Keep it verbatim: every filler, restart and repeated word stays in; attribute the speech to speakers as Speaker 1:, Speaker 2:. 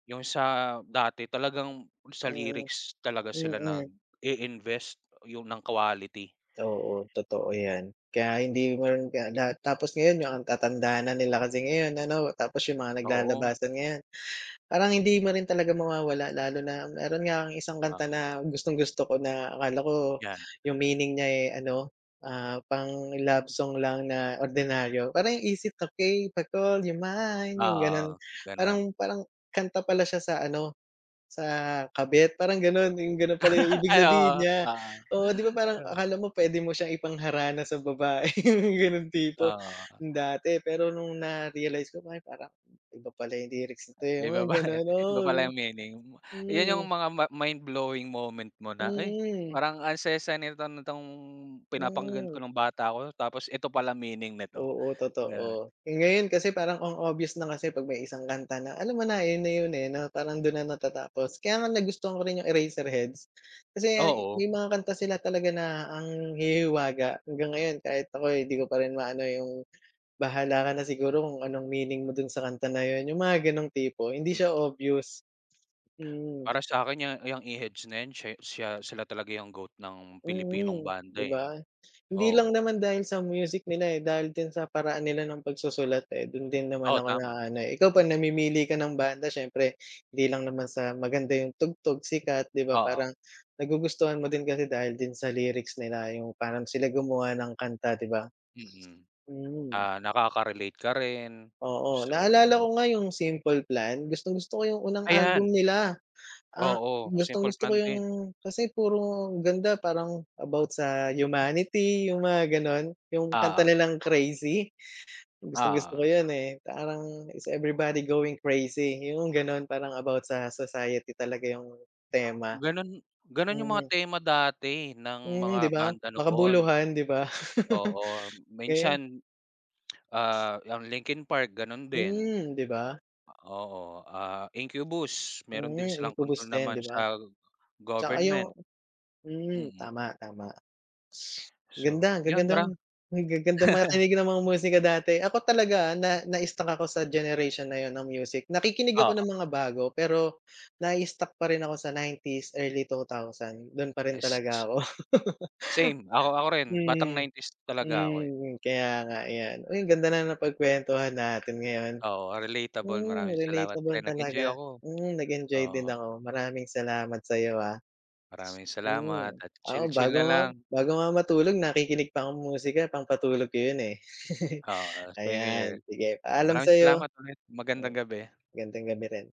Speaker 1: Yung sa dati talagang sa
Speaker 2: Mm,
Speaker 1: lyrics talaga sila nag
Speaker 2: mm.
Speaker 1: i-invest 'yon ng quality.
Speaker 2: Oo, totoo 'yan, kaya hindi man kaya lahat tapos ngayon yung ang tatanda na nila kasi ngayon ano, tapos yung mga
Speaker 1: Oo.
Speaker 2: naglalabasan ngayon. parang hindi mo rin talaga mawawala lalo na meron nga akong isang kanta
Speaker 1: Oo.
Speaker 2: na gustong-gusto ko na akala ko
Speaker 1: 'Yan.
Speaker 2: yung meaning niya, eh, ano, ah, pang-love song lang na ordinaryo parang "Is it okey to call you mine?" Yung gano'n,
Speaker 1: Oo, gano'n.
Speaker 2: parang parang kanta pala siya sa ano, sa kabit parang gano'n yung gano'n pala yung ibig
Speaker 1: Ay, oo
Speaker 2: sabihin niya,
Speaker 1: oo.
Speaker 2: oo di ba?
Speaker 1: Di
Speaker 2: Parang
Speaker 1: ba.
Speaker 2: akala mo puwede mo siyang ipangharana sa babae gano'ng tipo
Speaker 1: Oh.
Speaker 2: dati, pero no'ng na-realize ko pa parang iba pala yung lyrics nito
Speaker 1: May
Speaker 2: yung mga
Speaker 1: babae,
Speaker 2: gano'n.
Speaker 1: iba pala yung meaning.
Speaker 2: Oo,
Speaker 1: 'Yan yung
Speaker 2: hmm.
Speaker 1: mga ma mindblowing moment mo na, "Ay
Speaker 2: Mm.
Speaker 1: parang ang saya-saya nito nitong pinapakinggan ko
Speaker 2: Mm.
Speaker 1: nung bata ako tapos eto pala meaning nito."
Speaker 2: Oo,
Speaker 1: Ganun.
Speaker 2: totoo yung ngayon kasi parang ang obvious na kasi pag may isang kanta na alam mo na yun, na yun, eh, 'no parang dun na natatapos kaya nga nagustuhan ko rin yung Eraserheads kasi
Speaker 1: Oo.
Speaker 2: may mga kanta sila talaga na ang hihihiwaga. Hanggang ngayon kahit ako'y di ko pa rin maano yung bahala ka na siguro kung anong meaning mo dun sa kanta na yun, yung mga gano'ng tipo, hindi siya obvious, mm.
Speaker 1: Para sa'kin 'yang iyang Eheads na 'yan siya siya sila talaga yung GOAT ng Pilipinong
Speaker 2: Mm,
Speaker 1: banda,
Speaker 2: di
Speaker 1: eh,
Speaker 2: ba? Hindi lang
Speaker 1: oh.
Speaker 2: naman dahil sa music nila, eh, dahil din sa paraan nila ng pagsusulat, eh, dun din naman
Speaker 1: Oo,
Speaker 2: ako
Speaker 1: tama.
Speaker 2: naano, eh, ikaw pa namimili ka ng banda siyempre hindi lang naman sa maganda yung tugtog sikat, di ba?
Speaker 1: Oo.
Speaker 2: Parang nagugustuhan mo din kasi dahil din sa lyrics nila yung parang sila gumawa ng kanta ,di ba?
Speaker 1: Mm,
Speaker 2: Mm.
Speaker 1: ah, nakaka-relate ka rin,
Speaker 2: Oo,
Speaker 1: so
Speaker 2: naalala
Speaker 1: 'yon.
Speaker 2: ko nga yung "Simple Plan," gustong gusto ko yung unang album
Speaker 1: Ayan.
Speaker 2: nila ang
Speaker 1: Oo
Speaker 2: gustong
Speaker 1: "Simple
Speaker 2: gusto ko
Speaker 1: Plan"
Speaker 2: yung
Speaker 1: din.
Speaker 2: kasi puro ganda parang about sa humanity yung mga gano'n, yung kanta
Speaker 1: Ah.
Speaker 2: nilang "Crazy," gustong-gusto ko
Speaker 1: Ah.
Speaker 2: yo'n, eh. Parang Is everybody going crazy yung gano'n parang about sa society talaga yung tema.
Speaker 1: Gano'n gano'n yung mga
Speaker 2: Mm.
Speaker 1: tema dati ng
Speaker 2: Mm, di
Speaker 1: mga
Speaker 2: ba
Speaker 1: banda noon.
Speaker 2: makabuluhan, di ba?
Speaker 1: Oo
Speaker 2: Eh.
Speaker 1: minsan, ah, 'yang Linkin Park gano'n din.
Speaker 2: Hmm, di ba?
Speaker 1: Oo, ah, Incubus meron din
Speaker 2: Mm,
Speaker 1: silang kontrol
Speaker 2: Incubos din
Speaker 1: naman
Speaker 2: di ba?
Speaker 1: sa
Speaker 2: Tsaka
Speaker 1: government.
Speaker 2: yung hmm,
Speaker 1: Mm.
Speaker 2: tama, tama. Ganda,
Speaker 1: So, 'yon
Speaker 2: gaganda
Speaker 1: mara
Speaker 2: ang gaganda makinig ng mga musika dati. Ako talaga na na-struck ako sa generation na yun ng music. Nakikinig ako ng
Speaker 1: Oo.
Speaker 2: mga bago pero nai-stuck pa rin ako sa nineties, early two thousand do'n pa rin talaga ako.
Speaker 1: Same ako ako rin batang
Speaker 2: Mm,
Speaker 1: nineties talaga ako, eh.
Speaker 2: mm, kaya nga iyan. Uy, ang ganda na napagkwentuhan natin ngayon.
Speaker 1: Oo, relatable.
Speaker 2: Hmm,
Speaker 1: Maraming salamat
Speaker 2: relatable
Speaker 1: pre nag-enjoy
Speaker 2: talaga,
Speaker 1: ako,
Speaker 2: hmm, nag-enjoy din
Speaker 1: oo.
Speaker 2: ako. Maraming salamat sa'yo, ah.
Speaker 1: Maraming salamat
Speaker 2: Mm,
Speaker 1: at
Speaker 2: ako
Speaker 1: chill-chill
Speaker 2: bago
Speaker 1: na
Speaker 2: nga
Speaker 1: lang.
Speaker 2: bago nga matulog nakikinig pa kong musika pangpatulog ko 'yon, eh.
Speaker 1: Oo, same year
Speaker 2: Ayan, sige
Speaker 1: 'yan.
Speaker 2: paalam
Speaker 1: Maraming
Speaker 2: sayo.
Speaker 1: salamat ulit, magandang gabi.
Speaker 2: Gandang gabi rin.